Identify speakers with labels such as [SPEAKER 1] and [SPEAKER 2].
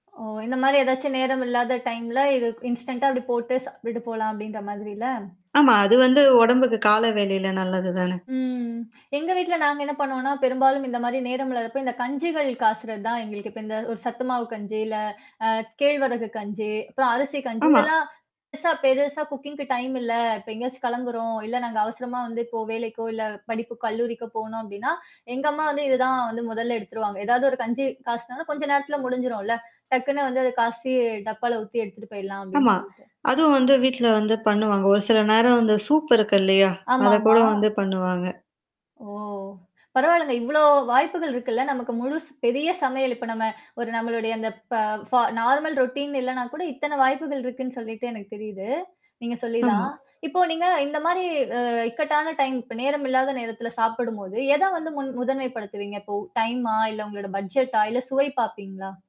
[SPEAKER 1] ஓ! இந்த மாரி ஏதாச்சும் நேரம் இல்லாத டைம்ல இது இன்ஸ்டன்டா அப்டி போட்டு சாப்பிட்டு போலாம் அப்டின்ற மாதிரில?
[SPEAKER 2] ஆமா. அது வந்து உடம்புக்கு கால வேலையில நல்லது தான.
[SPEAKER 1] ம். எங்க வீட்ல நாங்க என்ன பண்ணுவோம்ன்னா, பெரும்பாலும் இந்த மாரி நேரம் இல்லாதப்ப இந்த கஞ்சுகள் காசுறது தான் எங்களுக்கு இப்ப இந்த ஒரு சத்து மாவு கஞ்சு, இல்ல அ கேழ்வரகு கஞ்சு, அப்புறம் அரிசி கஞ்சு,
[SPEAKER 2] ஆமா.
[SPEAKER 1] இதெல்லாம் பெருசா பெருசா குக்கிங்க்கு டைம் இல்ல. இப்ப எங்கேயாச்சும் கிளம்புறோம். இல்ல நாங்க அவசரமா வந்து இப்போ வேலைக்கோ இல்ல படிப்பு கல்லூரிக்கோ போணோம் அப்படின்னா, எங்க அம்மா வந்து இதுதான் வந்து முதல்ல எடுத்துருவாங்க. ஏதாவது ஒரு கஞ்சு காய்ச்சி கொஞ்ச நேரத்துல முடிஞ்சுரும்ல. டக்குன்னு வந்து அது காய்சி டப்பால ஊத்தி எடுத்துட்டு போயிடலாம் அப்படின்னு
[SPEAKER 2] ஆமா.
[SPEAKER 1] சொல்ட்டு.
[SPEAKER 2] அதுவும் வந்து வீட்ல வந்து பண்ணுவாங்க. ஒரு சில நேரம் வந்து சூப் இருக்கு இல்லையா? அத கூட
[SPEAKER 1] ஆமாமா.
[SPEAKER 2] வந்து பண்ணுவாங்க.
[SPEAKER 1] ஓ! பரவாலங்க. இவ்வளோ வாய்ப்புகள் இருக்குல்ல. நமக்கு முழு பெரிய சமையல் இப்ப நம்ம ஒரு நம்மளுடைய அந்த ப ஃப நார்மல் ரொட்டீன் இல்லனா கூட இத்தன வாய்ப்புகள் இருக்குன்னு சொல்லிட்டு எனக்கு தெரியுது. நீங்க
[SPEAKER 2] ஆமா.
[SPEAKER 1] சொல்லிதான். இப்போ நீங்க இந்த மாரி அ இக்கட்டான டைம் இப்ப நேரம் இல்லாத நேரத்தில சாப்பிடும்போது, எதை வந்து முன் முதன்மைப்படுத்துவீங்க? இப்போ டைமா இல்ல உங்களோட பட்ஜெட்டா? இல்ல சுவை பார்ப்பீங்களா?